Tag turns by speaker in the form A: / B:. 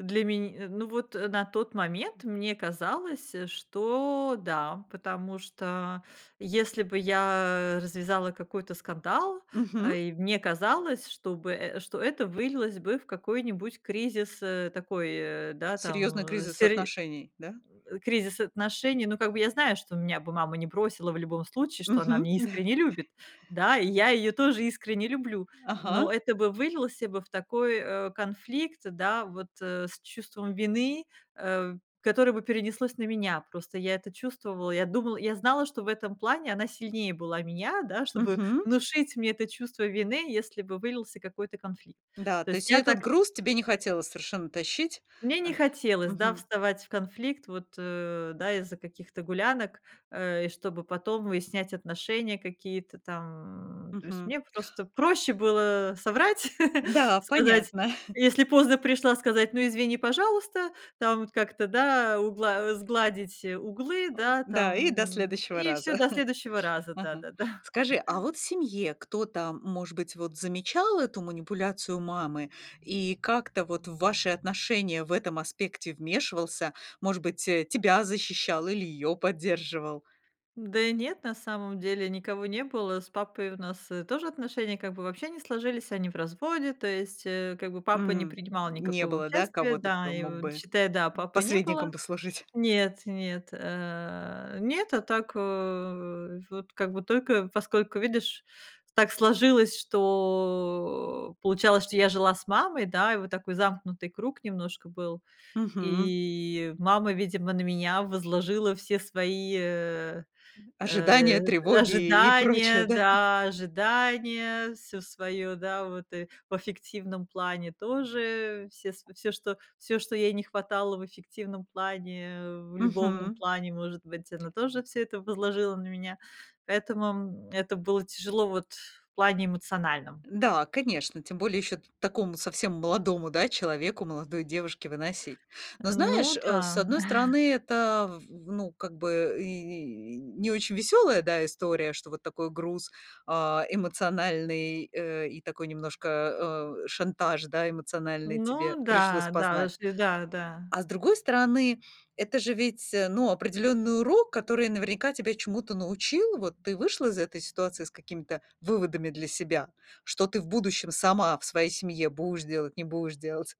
A: Для мен э. Ну, вот, э, на тот момент мне казалось, что да, потому что, если бы я развязала какой-то скандал,
B: Мгм.
A: эй мне казалось, что бы э, что это вылилось бы в какой-нибудь кризис, э, такой, э, да, там,
B: Серьезный
A: а,
B: кризис
A: сер
B: отношений, да?
A: м, кризис отношений. Ну, как бы я знаю, что меня бы мама не бросила в любом случае, что она
B: Мгм,
A: меня
B: да.
A: искренне любит, да, и я её тоже искренне люблю,
B: Ага.
A: но это бы вылился бы в такой, э, конфликт, да, вот, э, с чувством вины, э, которое бы перенеслось на меня. Просто я это чувствовала, я думала, я знала, что в этом плане она сильнее была меня, да, чтобы
B: Мгм.
A: внушить мне это чувство вины, если бы вылился какой-то конфликт.
B: Да,
A: То
B: то
A: есть
B: есть и
A: я
B: этот
A: так
B: груз тебе не хотелось совершенно тащить.
A: Мне не
B: Ах.
A: хотелось, да,
B: Мгм.
A: вставать в конфликт вот, э, да, из-за каких-то гулянок, э, и чтобы потом выяснять отношения какие-то там. То есть
B: Мгм.
A: мне просто проще было соврать,
B: Да,
A: сказать,
B: понятно.
A: если поздно пришла, сказать: "Ну, извини, пожалуйста". Там вот как-то, да, угла э, сгладить углы, да,
B: Да, и до
A: там,
B: следующего
A: и всё,
B: раза.
A: до следующего раза,
B: Ага.
A: да-да-да.
B: Скажи, а вот в семье кто-то, может быть, вот замечал эту манипуляцию мамы и как-то вот в ваши отношения в этом аспекте вмешивался? Может быть, тебя защищал или её поддерживал?
A: Да и нет, на самом деле никого не было, с папой у нас, э, тоже отношения как бы вообще не сложились, они в разводе, то есть, э, как бы папа не
B: М.
A: принимал
B: Не
A: никакого
B: было, да,
A: участия.
B: кого-то, кто
A: Да, и
B: мог
A: вот
B: бы
A: считай, да, папы не было.
B: посредником послужить?
A: Нет, нет, э, нет, а так, а, вот как бы только поскольку, видишь, так сложилось, что получалось, что я жила с мамой, да, и вот такой замкнутый круг немножко был.
B: Мгм.
A: И мама, видимо, на меня возложила все свои, э,
B: Ожидания,
A: э,
B: тревоги и прочее,
A: ожидания,
B: да?
A: да, ожидания, всё своё, да, вот, и в аффективном плане тоже, все св всё, что всё, что ей не хватало в эффективном плане, в любовном
B: Мгм.
A: плане, может быть, она тоже всё это возложила на меня, поэтому, м, это было тяжело вот в плане эмоциональном.
B: Да, конечно, тем более еще т такому совсем молодому, да, человеку, молодой девушке выносить. Но
A: Э,
B: знаешь,
A: ну
B: э, с
A: да.
B: одной стороны, это в в ну, как бы и не очень веселая, да, история, что вот такой груз, а, эмоциональный, э, и такой немножко, э, шантаж, да, эмоциональный тебе
A: Ну
B: пришлось
A: да, да,
B: познать.
A: ш да, да.
B: А с другой стороны, это же ведь, э, ну, определенный урок, который наверняка тебя чему-то научил. Вот ты вышла из этой ситуации с какими-то выводами для себя, что ты в будущем сама в своей семье будешь делать, не будешь делать.